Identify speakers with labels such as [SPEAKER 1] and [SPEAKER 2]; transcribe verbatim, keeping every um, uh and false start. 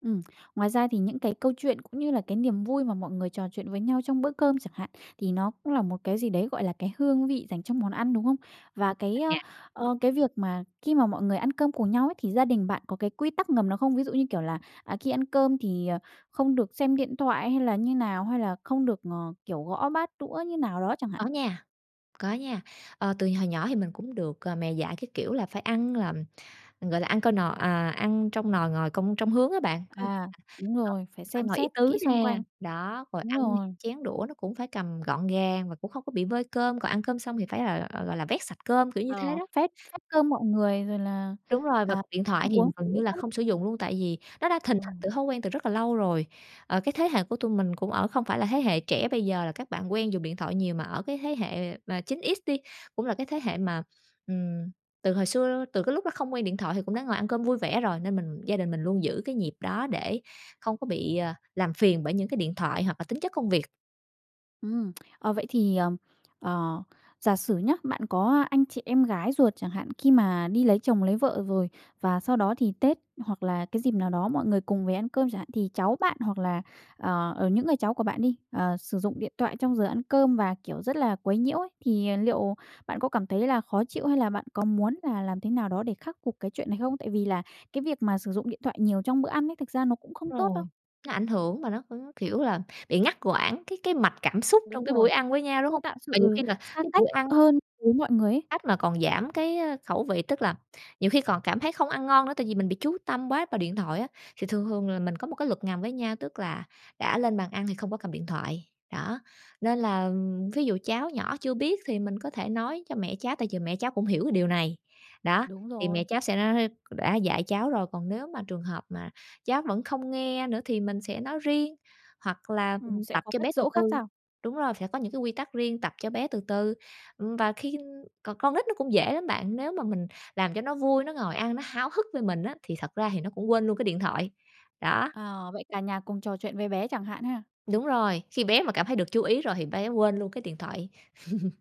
[SPEAKER 1] Ừm. Ngoài ra thì những cái câu chuyện, cũng như là cái niềm vui mà mọi người trò chuyện với nhau trong bữa cơm chẳng hạn, thì nó cũng là một cái gì đấy, gọi là, cái hương vị dành trong món ăn, đúng hông? Và cái, ơ,
[SPEAKER 2] [unintelligible]
[SPEAKER 1] ờ, cái việc mà khi mà mọi người ăn cơm cùng nhau ấy thì gia đình bạn có cái quy tắc ngầm nào không? Ví dụ như kiểu là, à, khi ăn cơm thì, ờ, không được xem điện thoại, hay là như nào? Hay là không được ngò kiểu, gõ bát đũa như nào đó chẳng hạn?
[SPEAKER 2] Có nha, có nha, ờ, từ hồi nhỏ thì mình cũng được, ờ, mẹ dạy cái kiểu là phải ăn làm gọi là, ăn coi nò à, ăn trông nồi, ngồi công trông hướng á bạn.
[SPEAKER 1] À, đúng
[SPEAKER 2] [unintelligible]
[SPEAKER 1] rồi, phải
[SPEAKER 2] Phải
[SPEAKER 1] xem
[SPEAKER 2] ngồi ý
[SPEAKER 1] xét
[SPEAKER 2] tứ
[SPEAKER 1] kỹ xung
[SPEAKER 2] nè,
[SPEAKER 1] quanh.
[SPEAKER 2] đó, rồi
[SPEAKER 1] Đúng
[SPEAKER 2] ăn
[SPEAKER 1] rồi.
[SPEAKER 2] chén đũa nó cũng phải cầm gọn gàng và cũng không có bị vơi cơm, còn ăn cơm xong thì phải là, gọi là, vét sạch cơm kiểu như thế
[SPEAKER 1] Ờ,
[SPEAKER 2] đó.
[SPEAKER 1] phép phép cơm mọi người rồi là,
[SPEAKER 2] Đúng rồi, và
[SPEAKER 1] à,
[SPEAKER 2] điện
[SPEAKER 1] ăn
[SPEAKER 2] thoại thì
[SPEAKER 1] uống phải
[SPEAKER 2] gần
[SPEAKER 1] giữ
[SPEAKER 2] như là
[SPEAKER 1] phép.
[SPEAKER 2] không sử dụng luôn, tại vì nó đã thình [unintelligible]
[SPEAKER 1] Ừm.
[SPEAKER 2] từ thói quen từ rất là lâu rồi. Ờ, cái thế hệ của tụi mình cũng ở không phải là thế hệ trẻ bây giờ là các bạn quen dùng điện thoại nhiều, mà ở cái thế hệ mà chín ích đi, cũng là cái thế hệ mà, ừm, từ hồi xưa, từ cái lúc nó không quen điện thoại thì cũng đã ngồi ăn cơm vui vẻ rồi. Nên mình gia đình mình luôn giữ cái nhịp đó để không có bị, ờ, làm phiền bởi những cái điện thoại hoặc là tính chất công việc.
[SPEAKER 1] Ừm, ờ, vậy thì, ờm, ờ, giả sử nhá, bạn có anh chị em gái ruột chẳng hạn khi mà đi lấy chồng lấy vợ rồi và sau đó thì Tết hoặc là cái dịp nào đó mọi người cùng về ăn cơm chẳng hạn, thì cháu bạn hoặc là, ờ, ở những người cháu của bạn đi, ờ, sử dụng điện thoại trong giờ ăn cơm và, kiểu, rất là quấy nhiễu ấy. Thì, à, liệu bạn có cảm thấy là khó chịu, hay là bạn có muốn là làm thế nào đó để khắc phục cái chuyện này không? Tại vì là cái việc mà sử dụng điện thoại nhiều trong bữa ăn ấy, thực ra nó cũng không tốt
[SPEAKER 2] Rồi,
[SPEAKER 1] đâu.
[SPEAKER 2] nó ảnh hưởng mà nó cũng, kiểu là, bị ngắt quãng cái cái mặt cảm xúc
[SPEAKER 1] Đúng
[SPEAKER 2] trong cái
[SPEAKER 1] rồi,
[SPEAKER 2] buổi ăn với nhau, đúng
[SPEAKER 1] tôi
[SPEAKER 2] hông?
[SPEAKER 1] tạo
[SPEAKER 2] Và nhiều
[SPEAKER 1] sự
[SPEAKER 2] khi là
[SPEAKER 1] xa
[SPEAKER 2] cái
[SPEAKER 1] cách
[SPEAKER 2] buổi ăn
[SPEAKER 1] hơn với mọi người ấy.
[SPEAKER 2] Cách mà còn giảm cái, ơ, khẩu vị. Tức là nhiều khi còn cảm thấy không ăn ngon nữa, tại vì mình bị chú tâm bóa vào điện thoại á. Thì thường thường là mình có một cái luật ngầm với nhau, tức là đã lên bàn ăn thì không có cầm điện thoại, đó. Nên là ví dụ cháu nhỏ chưa biết thì mình có thể nói cho mẹ cháu tại vì mẹ cháu cũng hiểu cái điều này, đó,
[SPEAKER 1] Đúng
[SPEAKER 2] thì mẹ
[SPEAKER 1] rồi.
[SPEAKER 2] cháu sẽ [unintelligible] đã dạy cháu rồi. Còn nếu mà trường hợp mà cháu vẫn không nghe nữa thì mình sẽ nói riêng, hoặc là,
[SPEAKER 1] Ừm,
[SPEAKER 2] ừm,
[SPEAKER 1] sẽ
[SPEAKER 2] tập
[SPEAKER 1] có
[SPEAKER 2] cho bé
[SPEAKER 1] cách
[SPEAKER 2] từ
[SPEAKER 1] dỗ khác
[SPEAKER 2] từ,
[SPEAKER 1] sao?
[SPEAKER 2] đúng rồi, sẽ có những cái quy tắc riêng, tập cho bé từ từ. Ừm, và khin còn con nít nó cũng dễ lắm bạn, nếu mà mình làm cho nó vui, nó ngồi ăn nó háo hức với mình á, thì thật ra thì nó cũng quên luôn cái điện thoại, đó.
[SPEAKER 1] À, vậy cả nhà cùng trò chuyện với bé chẳng hạn ha?
[SPEAKER 2] Đúng rồi, khi bé mà cảm thấy được chú ý rồi thì bé quên luôn cái điện thoại.